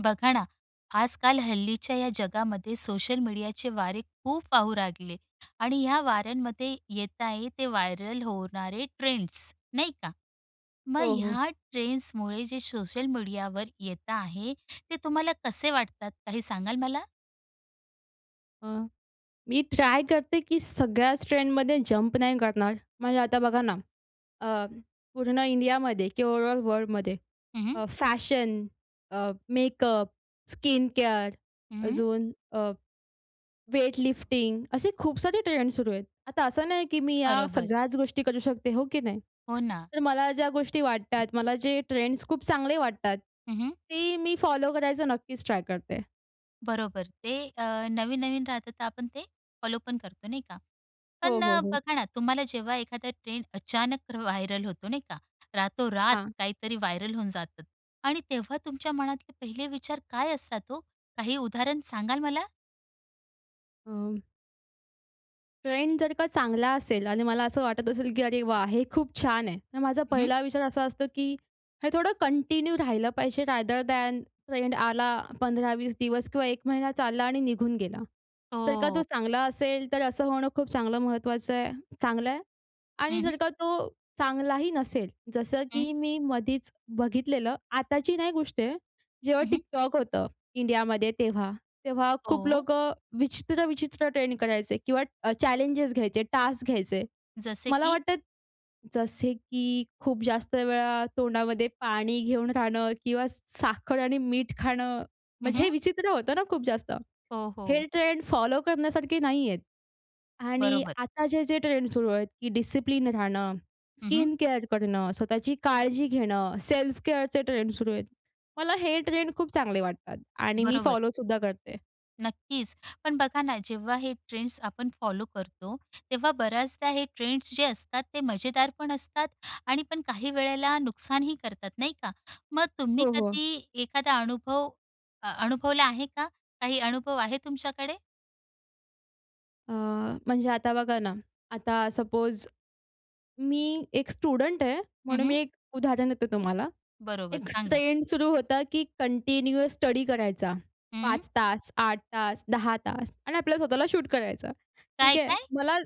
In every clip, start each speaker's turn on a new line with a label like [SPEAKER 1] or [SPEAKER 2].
[SPEAKER 1] बघा ना, आजकाल हल्लीच्या या जगामध्ये सोशल मीडियाचे वारे खूप वाहू लागले आणि या वाऱ्यांमध्ये येत आहे ते व्हायरल होणारे ट्रेंड्स, नाही का? मग
[SPEAKER 2] हो, हो.
[SPEAKER 1] ह्या ट्रेंड्समुळे जे सोशल मीडियाव येत आहे, ते तुम्हाला कसे वाटतात? काही सांगा ल मला?
[SPEAKER 2] अ, मी ट्राय करते की सगळ्याच ट्रेंडमध्ये जंप नाही करणार. म्हणजे आता बघा ना, अ, पूर्ण इंडियामध्ये किंवा ओवरऑल वर्ल्डमध्ये,
[SPEAKER 1] हं, हं.
[SPEAKER 2] अ, फॅशन, अ, मेकअप, स्किन केअर,
[SPEAKER 1] हं.
[SPEAKER 2] अजून अ, वेटलिफ्टिंग असे खूप सारी ट्रेंड सुरु आहेत. आता असं नाही की मी या
[SPEAKER 1] बरोबर.
[SPEAKER 2] सगळ्याच गोष्टी करू शकते, हो की नाही?
[SPEAKER 1] हो ना.
[SPEAKER 2] तर मला ज्या गोष्टी वाटतात, मला जे ट्रेंड्स खूप चांगले वाटतात.
[SPEAKER 1] हं, हं.
[SPEAKER 2] ते मी फॉलो करायचा नक्कीच ट्राय करते.
[SPEAKER 1] बरोबर ते अ, नवीन-नवीन राहतं तर आपण ते फॉलो पण करतो नाही का? पण
[SPEAKER 2] हो, हो, हो.
[SPEAKER 1] बघा ना, तुम्हाला जेव्हा एखादा ट्रेंड अचानक व्हायरल होतो नाही का? रातोरात
[SPEAKER 2] हां.
[SPEAKER 1] काहीतरी व्हायरल होऊन जातं आणि तेव्हा तुमच्या मनातले पहिले विचार काय असतात हो? काही उदाहरण सांगाल मला?
[SPEAKER 2] अ, ट्रेंड जर का चांगला असेल आणि मला असं वाटत असेल की अरे वाह! हे खूप छान आहे. तर माझा
[SPEAKER 1] हं.
[SPEAKER 2] पहिला विचार असा असतो, की हे थोडं कंटिन्यू राहिलं पाहिजे. रॅदर दॅन ट्रेंड आला, 15-20 दिवस किंवा 1 महिना चालला आणि निघून गेला. तर का तो
[SPEAKER 1] हो.
[SPEAKER 2] चांगला असेल तर असं होणं खूप चांगलं महत्त्वाचं आहे, चांगलं आहे. आणि
[SPEAKER 1] हं, हं.
[SPEAKER 2] जर का तो चांगलाही नसेल. जसं की
[SPEAKER 1] हं.
[SPEAKER 2] मी मधीच बघितलेलं, आताची नाही गोष्ट आहे. जेव्हा
[SPEAKER 1] अहं.
[SPEAKER 2] TikTok होतं इंडियामध्ये तेव्हा तेव्हा खूप
[SPEAKER 1] हो.
[SPEAKER 2] लोकं विचित्र-विचित्र ट्रेंड करायचे किंवा चॅलेंजेस घ्यायचे टास्क घ्यायचे
[SPEAKER 1] जसे
[SPEAKER 2] मला
[SPEAKER 1] की?
[SPEAKER 2] वाटतं जसे की खूप जास्त वेळा तोंडामध्ये पाणी घेऊन राहणं किंवा साखर आणि मीठ खाणं
[SPEAKER 1] हं,
[SPEAKER 2] म्हणजे हे
[SPEAKER 1] हं.
[SPEAKER 2] विचित्र होतं ना खूप जास्त,
[SPEAKER 1] हो, हो.
[SPEAKER 2] हे ट्रेंड फॉलो करण्यासारखे नाही आहेत आणि
[SPEAKER 1] बरोबर.
[SPEAKER 2] आता जे-जे ट्रेंड सुरु आहेत की डिसिप्लिन राहणं,
[SPEAKER 1] हं, हं.
[SPEAKER 2] स्किन केअर करणं, स्वतःची काळजी घेणं, सेल्फ केअरचे ट्रेंड सुरू आहेत. मला हे ट्रेंड खूप चांगले वाटतात आणि मी
[SPEAKER 1] बरोबर.
[SPEAKER 2] फॉलोसुद्धा करते.
[SPEAKER 1] नक्कीच. पण बघा ना जेव्हा हे ट्रेंड्स आपण फॉलो करतो तेव्हा बऱ्याचदा हे ट्रेंड्स जे असतात ते मजेदारपण असतात आणि पण काही वेळेला नुकसानही करतात नाही का? मग तुम्ही
[SPEAKER 2] हो, हो.
[SPEAKER 1] कधी एखादा अनुभव अ अनुभवला आहे का, काही अनुभव आहे तुमच्याकडे?
[SPEAKER 2] अ, म्हणजे आता बघा ना, आता सपोज, मी १ स्टुडंट आहे
[SPEAKER 1] हं,
[SPEAKER 2] म्हणून
[SPEAKER 1] हं.
[SPEAKER 2] मी १ उदाहरण देते तुम्हाला,
[SPEAKER 1] बरोबर,
[SPEAKER 2] १
[SPEAKER 1] सांगा?
[SPEAKER 2] ट्रेंड सुरु होता की कंटिन्युअस स्टडी करायचा.
[SPEAKER 1] हं.
[SPEAKER 2] ५ तास, ८ तास, १ ० तास आणि आपल्याला स्वतःला शूट करायचं.
[SPEAKER 1] काय,
[SPEAKER 2] ठीक आहे.
[SPEAKER 1] काय?
[SPEAKER 2] मला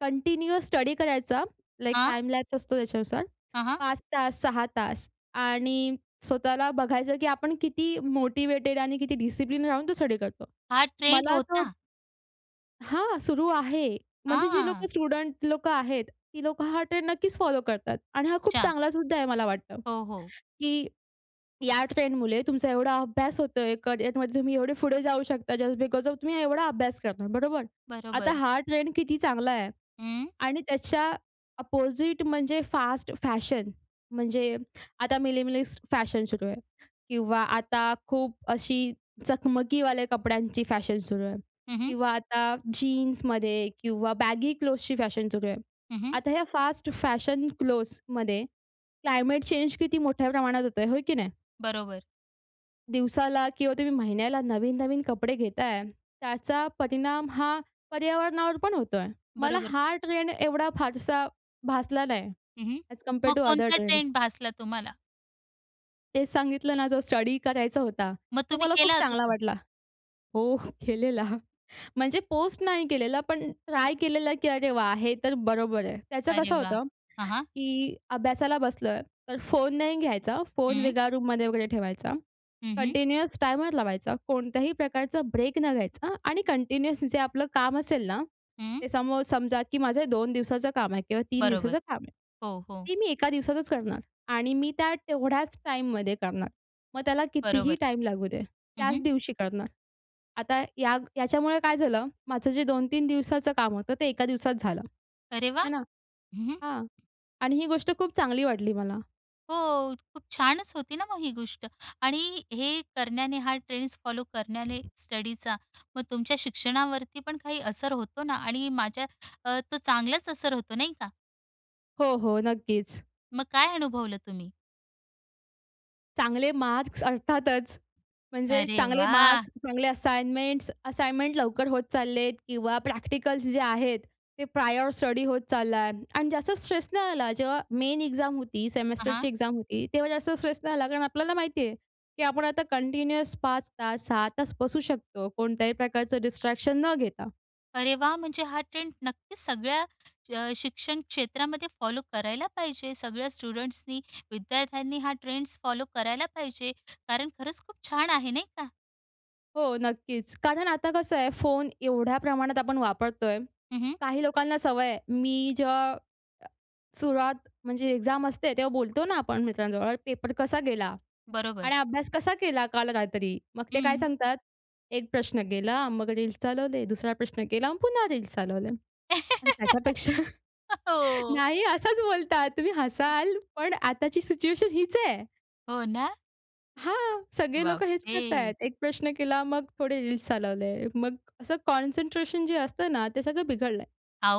[SPEAKER 2] कंटिन्युअस स्टडी करायचा, लाइक
[SPEAKER 1] हां?
[SPEAKER 2] टाइम लॅप्स असतो त्याच्यानुसार,
[SPEAKER 1] हां, हां.
[SPEAKER 2] ५ तास, ६ तास आणि स्वतःला बघायचं की आपण किती मोटिवेटेड आणि किती डिसिप्लिन राहून तो स्टडी करतो.
[SPEAKER 1] हा ट्रेंड
[SPEAKER 2] मला तो
[SPEAKER 1] होता.
[SPEAKER 2] हां, सुरू आहे. म्हणजे जी लोकं
[SPEAKER 1] हां.
[SPEAKER 2] स्टुडंट लोकं आहेत. ती लोकं हा ट्रेंड नक्कीच फॉलो करतात. आणि हा खूप
[SPEAKER 1] अच्छा.
[SPEAKER 2] चांगला सुद्धा आहे मला वाटतं.
[SPEAKER 1] हो, हो.
[SPEAKER 2] की या ट्रेंडमुळे तुमचा एवढा अभ्यास होतोय. करिअरमध्ये तुम्ही एवढे पुढे जाऊ शकता जस्ट बिकोज ऑफ तुम्ही एवढा अभ्यास करणार, बरोबर? आता
[SPEAKER 1] बरोबर.
[SPEAKER 2] हा ट्रेंड किती चांगला आहे
[SPEAKER 1] हं.
[SPEAKER 2] आणि त्याच्या ऑपोजिट म्हणजे फास्ट फॅशन, म्हणजे आता मिनिमलिस्ट फॅशन सुरू आहे किंवा आता खूप अशी चकमकीवाले कपड्यांची फॅशन सुरू आहे
[SPEAKER 1] हं, हं.
[SPEAKER 2] किंवा आता जीन्समध्ये किंवा बॅगी क्लोथ्सची फॅशन सुरू आहे.
[SPEAKER 1] हं, हं.
[SPEAKER 2] आता या फास्ट फॅशन क्लोथ्समध्ये, क्लायमेट चेंज किती मोठ्या प्रमाणात होतोय, होय की नाही?
[SPEAKER 1] बरोबर.
[SPEAKER 2] दिवसाला किंवा तुम्ही महिन्याला नवीन-नवीन कपडे घेताय, त्याचा परिणाम हा पर्यावरणावर पण होतोय. मला
[SPEAKER 1] बरोबर.
[SPEAKER 2] हा ट्रेंड एवढा फारसा भासला नाही,
[SPEAKER 1] हं, हं,
[SPEAKER 2] ॲज
[SPEAKER 1] मग
[SPEAKER 2] कम्पॅअर्ड टू अदर
[SPEAKER 1] कोणता
[SPEAKER 2] ट्रेंड्स.
[SPEAKER 1] ट्रेंड भासला तुम्हाला?
[SPEAKER 2] ते सांगितलं ना, जो स्टडी करायचा होता,
[SPEAKER 1] मग
[SPEAKER 2] तो
[SPEAKER 1] तुम्ही
[SPEAKER 2] मला खूप
[SPEAKER 1] केला होता,
[SPEAKER 2] चांगला
[SPEAKER 1] तो?
[SPEAKER 2] वाटला. हो, केलेला. म्हणजे पोस्ट नाही केलेला, पण ट्राय केलेलं, की अरे वा! हे तर बरोबर आहे. त्याचं
[SPEAKER 1] अरे
[SPEAKER 2] कसं
[SPEAKER 1] वाह!
[SPEAKER 2] होतं,
[SPEAKER 1] हां, हां.
[SPEAKER 2] की अभ्यासाला बसलोय, तर फोन नाही घ्यायचा, फोन
[SPEAKER 1] हं.
[SPEAKER 2] वेगळा रूममध्ये वगैरे ठेवायचा.
[SPEAKER 1] हं, हं.
[SPEAKER 2] कंटिन्युअस टायमर लावायचा, कोणत्याही प्रकारचा ब्रेक न घ्यायचा आणि कंटिन्युअस जे आपलं काम असेल ना,
[SPEAKER 1] हं.
[SPEAKER 2] ते सम हाऊ समजा की माझं 2 दिवसाचं काम आहे किंवा 3
[SPEAKER 1] बरोबर.
[SPEAKER 2] दिवसाचं काम आहे.
[SPEAKER 1] हो, हो.
[SPEAKER 2] ती मी 1 दिवसातच करणार आणि मी त्या तेवढ्याच टाईममध्ये करणार. मग त्याला कितीही
[SPEAKER 1] बरोबर.
[SPEAKER 2] टाइम लागू दे,
[SPEAKER 1] हं,
[SPEAKER 2] त्याच
[SPEAKER 1] हं.
[SPEAKER 2] दिवशी करणार. आता या याच्यामुळे काय झालं? माझं जे 2-3 दिवसाचं काम होतं, ते 1 दिवसात झालं.
[SPEAKER 1] अरे वा!
[SPEAKER 2] हाय ना?
[SPEAKER 1] हं, हं.
[SPEAKER 2] हां आणि ही गोष्ट खूप चांगली वाटली मला.
[SPEAKER 1] हो, खूप छानच होती ना मग ही गोष्ट आणि हे करण्याने, हा ट्रेंड्स फॉलो करण्याने, स्टडीचा, मग तुमच्या शिक्षणावरती पण काही असर होतो ना आणि माझ्या अ, तो चांगलाच असर होतो, नाही का?
[SPEAKER 2] हो, हो, नक्कीच.
[SPEAKER 1] मग काय अनुभवलं तुम्ही?
[SPEAKER 2] चांगले मार्क्स अर्थातच, म्हणजे
[SPEAKER 1] अरे
[SPEAKER 2] चांगले मार्क्स,
[SPEAKER 1] वाह!
[SPEAKER 2] चांगले असाइनमेंट्स. असाइनमेंट लवकर होत चाललेत किंवा प्रॅक्टिकल्स जे आहेत, ते प्रायर स्टडी होत चाललाय आणि जास्त स्ट्रेस नाही आला. जेव्हा मेन एक्झाम होती,
[SPEAKER 1] हां,
[SPEAKER 2] सेमेस्टरची
[SPEAKER 1] हां.
[SPEAKER 2] एक्झाम होती, तेव्हा जास्त स्ट्रेस नाही आला कारण आपल्याला माहिती आहे की आपण आता कंटिन्युअस 5 तास 6 तास बसू शकतो. कोणत्याही प्रकारचं डिस्ट्रॅक्शन न घेता.
[SPEAKER 1] अरे वाह! म्हणजे हा ट्रेंड नक्कीच सगळ्या अ, शिक्षण क्षेत्रामध्ये फॉलो करायला पाहिजे सगळ्या स्टुडंट्सनी, विद्यार्थ्यांनी, हा ट्रेंड्स फॉलो करायला पाहिजे कारण खरंच खूप छान आहे, नाही का?
[SPEAKER 2] हो नक्कीच. कारण आता कसं आहे, फोन एवढ्या प्रमाणात आपण वापरतोय.
[SPEAKER 1] हं, हं.
[SPEAKER 2] काही लोकांना सवय आहे, मी जेव्हा सुरुवात म्हणजे एक्झाम असते तेव्हा बोलतो ना आपण मित्रांजवळ, "पेपर कसा गेला?
[SPEAKER 1] बरोबर.
[SPEAKER 2] आणि अभ्यास कसा केला काल रात्री?" मग ते काय
[SPEAKER 1] हं.
[SPEAKER 2] सांगतात? एक प्रश्न गेला, मग रील्स चालवले, दुसरा प्रश्न केला आणि पुन्हा रील्स चालवले आणि
[SPEAKER 1] हं,
[SPEAKER 2] त्याच्यापेक्षा
[SPEAKER 1] हो.
[SPEAKER 2] नाही असाच बोलतात. तुम्ही हसाल पण आताची सिचुएशन हीच आहे.
[SPEAKER 1] हो ना.
[SPEAKER 2] हां, सगळे लोकं हेच करतायत.
[SPEAKER 1] बापरे!
[SPEAKER 2] १ प्रश्न केला मग थोडे रिल्स चालवले. मग असं कॉन्सनट्रेशन जे असतं ना, ते सगळं बिघडलंय.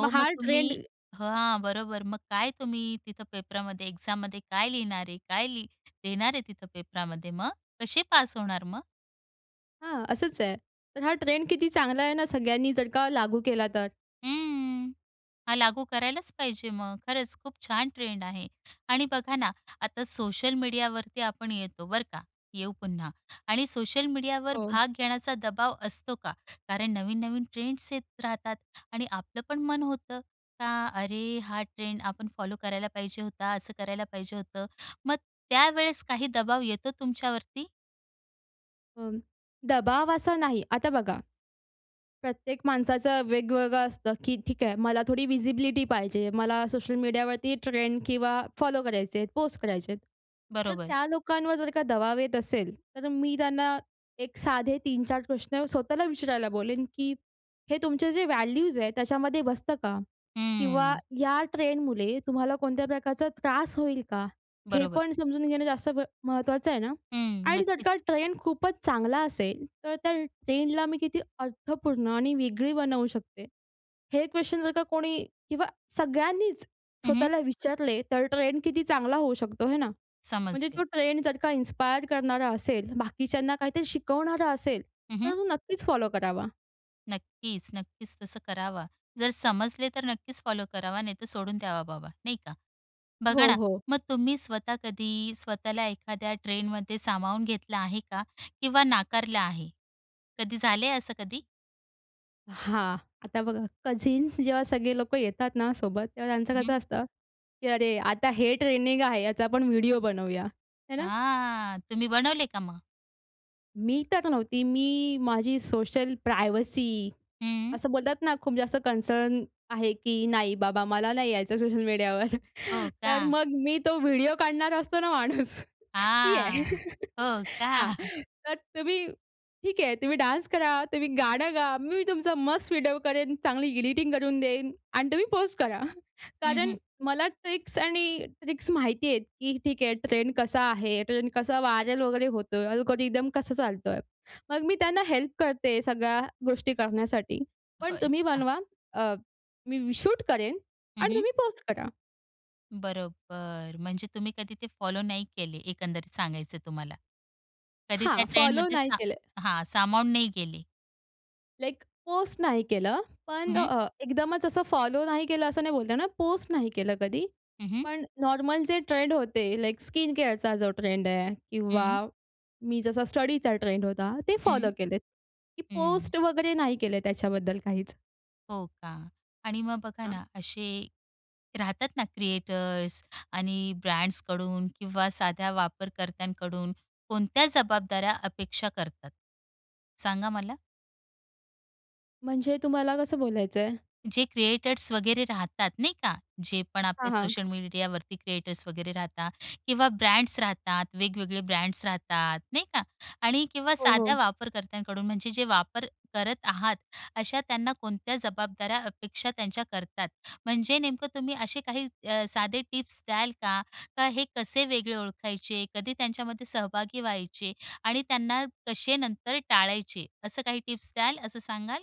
[SPEAKER 2] मग हा
[SPEAKER 1] मग
[SPEAKER 2] ट्रेंड
[SPEAKER 1] तुम्ही हं, हां, बरोबर. मग काय तुम्ही तिथं पेपरामध्ये एक्झाममध्ये काय लिहिणारे? काय लि लिहीणार आहे तिथं पेपरामध्ये मग? कशे पास होणार मग?
[SPEAKER 2] हां, असंच आहे. तर हा ट्रेंड किती चांगला आहे ना सगळ्यांनी जर का लागू केला तर.
[SPEAKER 1] हं, हा लागू करायलाच पाहिजे मग. खरंच खूप छान ट्रेंड आहे आणि बघा ना, आता सोशल मीडियावरती आपण येतो बरं का? येऊ पुन्हा आणि सोशल मीडियावरती
[SPEAKER 2] हो.
[SPEAKER 1] भाग घेण्याचा दबाव असतो का? कारण नवीन-नवीन ट्रेंड्स येत राहतात आणि आपलं पण मन होतं का. अरे! हा ट्रेंड आपण फॉलो करायला पाहिजे होता. असं करायला पाहिजे होतं मग त्यावेळेस काही दबाव येतो तुमच्यावरती?
[SPEAKER 2] अं, दबाव असा नाही. आता बघा, प्रत्येक माणसाचं वेगवेगळं असतं की ठीक आहे, मला थोडी व्हिजिबिलिटी पाहिजे. मला सोशल मीडियावरती ट्रेंड किंवा फॉलो करायचंय, पोस्ट करायचेत. तर
[SPEAKER 1] बरोबर.
[SPEAKER 2] त्या लोकांवर जर का दबाव येत असेल तर मी त्यांना एक साधे ३ -४ प्रश्न स्वतःला विचारायला बोलेन की, हे तुमचे जे व्हॅल्यूज आहेत, त्याच्यामध्ये बसतं का? किंवा
[SPEAKER 1] हं.
[SPEAKER 2] या ट्रेंडमुळे तुम्हाला कोणत्या प्रकारचा त्रास होईल का? हे
[SPEAKER 1] बरोबर.
[SPEAKER 2] पण समजून घेणं जास्त ब महत्त्वाचं आहे ना?
[SPEAKER 1] हं,
[SPEAKER 2] आणि जर का
[SPEAKER 1] नक्कीच.
[SPEAKER 2] ट्रेंड खूपच चांगला असेल तर त्या ट्रेंडला मी किती अर्थपूर्ण आणि वेगळी बनवू शकते? हे क्वेशन जर का कोणी किंवा सगळ्यांनीच
[SPEAKER 1] हं, हं.
[SPEAKER 2] स्वतःला विचारले तर ट्रेंड किती चांगला होऊ शकतो, आहे ना? म्हणजे
[SPEAKER 1] समजले.
[SPEAKER 2] तो ट्रेंड जर का इन्स्पायर करणारा असेल. बाकीच्यांना काहीतरी शिकवणारा असेल.
[SPEAKER 1] हं, हं.
[SPEAKER 2] तर तो नक्कीच फॉलो करावा.
[SPEAKER 1] नक्कीच, नक्कीच. तसं करावा. जर समजले तर नक्कीच फॉलो करावा नाहीतर सोडून द्यावा बाबा, नाही का. बघा
[SPEAKER 2] हो,
[SPEAKER 1] ना,
[SPEAKER 2] हो.
[SPEAKER 1] मग तुम्ही स्वतः कधी स्वतःला एखाद्या ट्रेंडमध्ये सामावून घेतलं आहे का? किंवा नाकारलं आहे? कधी झालंय असं कधी?
[SPEAKER 2] हां, आता बघा कझिन्स जेव्हा सगळे लोकं येतात ना सोबत, तेव्हा त्यांचं
[SPEAKER 1] हं, हं.
[SPEAKER 2] कसं असतं की अरे आता हे ट्रेंडीग आहे याचा आपण व्हिडिओ बनवूया. है ना?
[SPEAKER 1] हां तुम्ही बनवले का मग?
[SPEAKER 2] मी तर नव्हती, मी माझी सोशल प्रायवसी
[SPEAKER 1] हं.
[SPEAKER 2] असं बोलतात ना, खूप जास्त कन्सर्न आहे की नाही बाबा, मला नाही यायचं सोशल मीडियावर.
[SPEAKER 1] हो
[SPEAKER 2] तर
[SPEAKER 1] का?
[SPEAKER 2] मग मी तो व्हिडिओ काढणार असतो ना माणूस ती आहे.
[SPEAKER 1] हां, हो का?
[SPEAKER 2] हां, तर तुम्ही ठीक आहे तुम्ही डान्स करा, तुम्ही गाणं गा, मी तुमचा मस्त व्हिडिओ करेन, चांगली एडिटिंग करून देईन आणि तुम्ही पोस्ट करा
[SPEAKER 1] हं,
[SPEAKER 2] कारण
[SPEAKER 1] हं.
[SPEAKER 2] मला ट्रिक्स आणि ट्रिक्स माहिती आहेत की ठीक आहे ट्रेंड कसा आहे, ट्रेंड कसा व्हायरल वगैरे होतोय अल्गोरिथम कसा चालतोय. मग मी त्यांना हेल्प करते, सगळ्या गोष्टी करण्यासाठी
[SPEAKER 1] हो,
[SPEAKER 2] पण तुम्ही
[SPEAKER 1] अच्छा.
[SPEAKER 2] बनवा अ, मी शूट करेन
[SPEAKER 1] हं,
[SPEAKER 2] आणि
[SPEAKER 1] हं.
[SPEAKER 2] तुम्ही पोस्ट करा.
[SPEAKER 1] बरोबर, म्हणजे तुम्ही कधी ते फॉलो नाही केले. एकंदरीत सांगायचं तुम्हाला. कधी त्या
[SPEAKER 2] हां, फॉलो
[SPEAKER 1] ट्रेनमध्ये
[SPEAKER 2] नाही
[SPEAKER 1] सा
[SPEAKER 2] केलंय.
[SPEAKER 1] हां, सामावून नाही गेले.
[SPEAKER 2] लाइक पोस्ट नाही केलं,
[SPEAKER 1] हं,
[SPEAKER 2] पण
[SPEAKER 1] हं.
[SPEAKER 2] अ, एकदमच असं फॉलो नाही केलं असं नाही बोलता येणार. पोस्ट नाही केलं कधी,
[SPEAKER 1] हं, हं.
[SPEAKER 2] पण नॉर्मल जे ट्रेंड होते, लाइक स्किन केअर चा जो ट्रेंड आहे, किंवा
[SPEAKER 1] हं.
[SPEAKER 2] मी जसा स्टडीचा ट्रेंड होता, ते फॉलो
[SPEAKER 1] हं.
[SPEAKER 2] केलेत. की
[SPEAKER 1] हं.
[SPEAKER 2] पोस्ट वगैरे नाही केले त्याच्याबद्दल काहीच.
[SPEAKER 1] हो का? आणि मग बघा
[SPEAKER 2] हां.
[SPEAKER 1] ना, असे राहतात ना क्रिएटर्स आणि ब्रँड्सकडून किंवा साध्या वापरकर्त्यांकडून कोणत्या जबाबदाऱ्या अपेक्षा करतात? सांगा मला.
[SPEAKER 2] म्हणजे तुम्हाला कसं बोलायचंय?
[SPEAKER 1] जे क्रिएटर्स वगैरे राहतात नाही का, जे पण
[SPEAKER 2] हां,
[SPEAKER 1] आपले
[SPEAKER 2] हां.
[SPEAKER 1] सोशल मीडियावरती क्रिएटर्स वगैरे राहतात, किंवा ब्रँड्स राहतात, वेगवेगळे ब्रँड्स राहतात नाही का? आणि किंवा
[SPEAKER 2] हो,
[SPEAKER 1] साध्या
[SPEAKER 2] हो.
[SPEAKER 1] वापरकर्त्यांकडून म्हणजे जे वापर करत आहात, अशा त्यांना कोणत्या जबाबदाऱ्या अपेक्षा त्यांच्या करतात? म्हणजे नेमकं तुम्ही असे काही अ, साधे टिप्स द्याल का? का हे कसे वेगळे ओळखायचे? कधी त्यांच्यामध्ये सहभागी व्हायचे? आणि त्यांना कसे नंतर टाळायचे? असं काही टिप्स द्याल? असं सांगाल?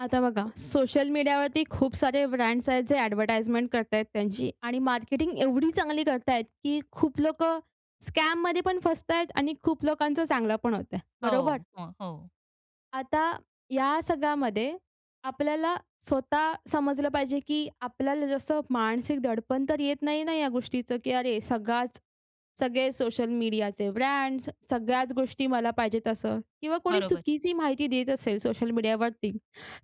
[SPEAKER 2] आता बघा, सोशल मीडियावरती खूप सारे ब्रँड्स आहेत, जे ॲडव्हर्टाइजमेंट करत आहेत, त्यांची आणि मार्केटिंग, एवढी चांगली करत आहेत, की खूप लोकं स्कॅममध्ये पण फसत आहेत आणि खूप लोकांचं चांगलं पण होतं आहे. बरोबर?
[SPEAKER 1] हो, हो, हो.
[SPEAKER 2] आता या सगळ्यामध्ये आपल्याला स्वतः समजलं पाहिजे, की आपल्याला जसं मानसिक दडपण तर येत नाही ना, या गोष्टीचं, की अरे सगळाच सगळे सोशल मीडियाचे ब्रँड्स, स सगळ्याच गोष्टी मला पाहिजे तसं किंवा कोणी
[SPEAKER 1] बरोबर.
[SPEAKER 2] चुकीची माहिती देत असेल सोशल मीडियावरती,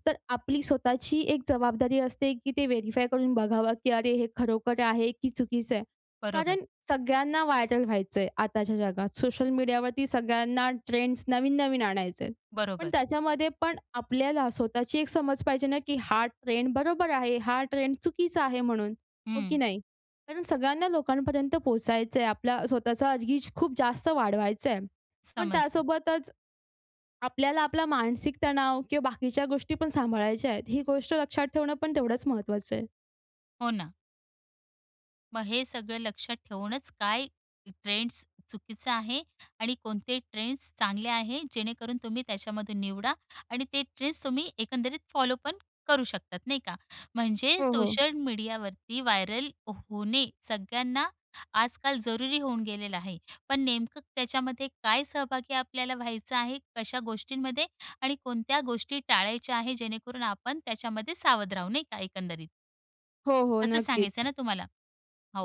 [SPEAKER 2] तर आपली स्वतःची एक जबाबदारी असते, की ते व्हेरिफाय करून बघावं, की अरे! हे खरोखर आहे, की चुकीचं आहे?
[SPEAKER 1] बरोबर.
[SPEAKER 2] कारण सगळ्यांना व्हायरल व्हायचं आहे, आताच्या जगात. सोशल मीडियावरती सगळ्यांना ट्रेंड्स नवीन-नवीन आणायचे आहेत, पण
[SPEAKER 1] बरोबर.
[SPEAKER 2] त्याच्यामध्ये पण आपल्याला स्वतःची एक समज पाहिजे ना, की हा ट्रेंड बरोबर आहे, हा ट्रेंड चुकीचा आहे. म्हणून हो की
[SPEAKER 1] हं.
[SPEAKER 2] नाही? कारण सगळ्यांना लोकांपर्यंत पोहचायचंय, आपल्या स्वतःचा रिच खूप जास्त वाढवायचंय. पण
[SPEAKER 1] समजलं.
[SPEAKER 2] त्यासोबतच, आपल्याला आपला मानसिक तणाव किंवा बाकीच्या गोष्टी पण सांभाळायच्या आहेत. ही गोष्ट लक्षात ठेवणं पण तेवढंच महत्त्वाचं आहे.
[SPEAKER 1] हो, ना. मग हे सगळं लक्षात ठेवूनच, काय ट्रेंड्स चुकीचा आहे आणि कोणते ट्रेंड्स चांगले आहे, जेणेकरून तुम्ही त्याच्यामधून निवडा आणि ते ट्रेंड्स तुम्ही एकंदरीत फॉलोपण करू शकतात, नाही का? म्हणजे
[SPEAKER 2] हो, हो.
[SPEAKER 1] सोशल मीडियावरती व्हायरल होणे सगळ्यांना आजकाल जरुरी होऊन गेलेलं आहे, पण नेमकं त्याच्यामध्ये काय सहभागी आपल्याला व्हायचं आहे, कशा गोष्टींमध्ये आणि कोणत्या गोष्टी टाळायच्या आहे, जेणेकरून आपण त्याच्यामध्ये सावध राहू नाही का, एकंदरीत?
[SPEAKER 2] हो, हो,
[SPEAKER 1] असं सांगायचं आहे ना,
[SPEAKER 2] नक्कीच.
[SPEAKER 1] तुम्हाला?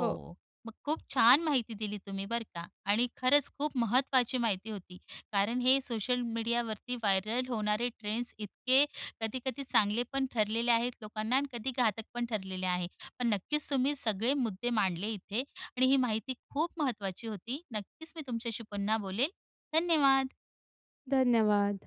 [SPEAKER 2] हो.
[SPEAKER 1] मग खूप छान माहिती दिली तुम्ही, बरं का आणि खरंच खूप महत्त्वाची माहिती होती, कारण हे सोशल मीडियावरती व्हायरल होणारे ट्रेंड्स, इतके कधी-कधी चांगले पण ठरलेले आहेत लोकांना आणि कधी घातक पण ठरलेले आहे. पण नक्कीच तुम्ही सगळे मुद्दे मांडले इथे आणि ही माहिती खूप महत्त्वाची होती. नक्कीच, मी तुमच्याशी पुन्हा बोलेल, धन्यवाद.
[SPEAKER 2] धन्यवाद.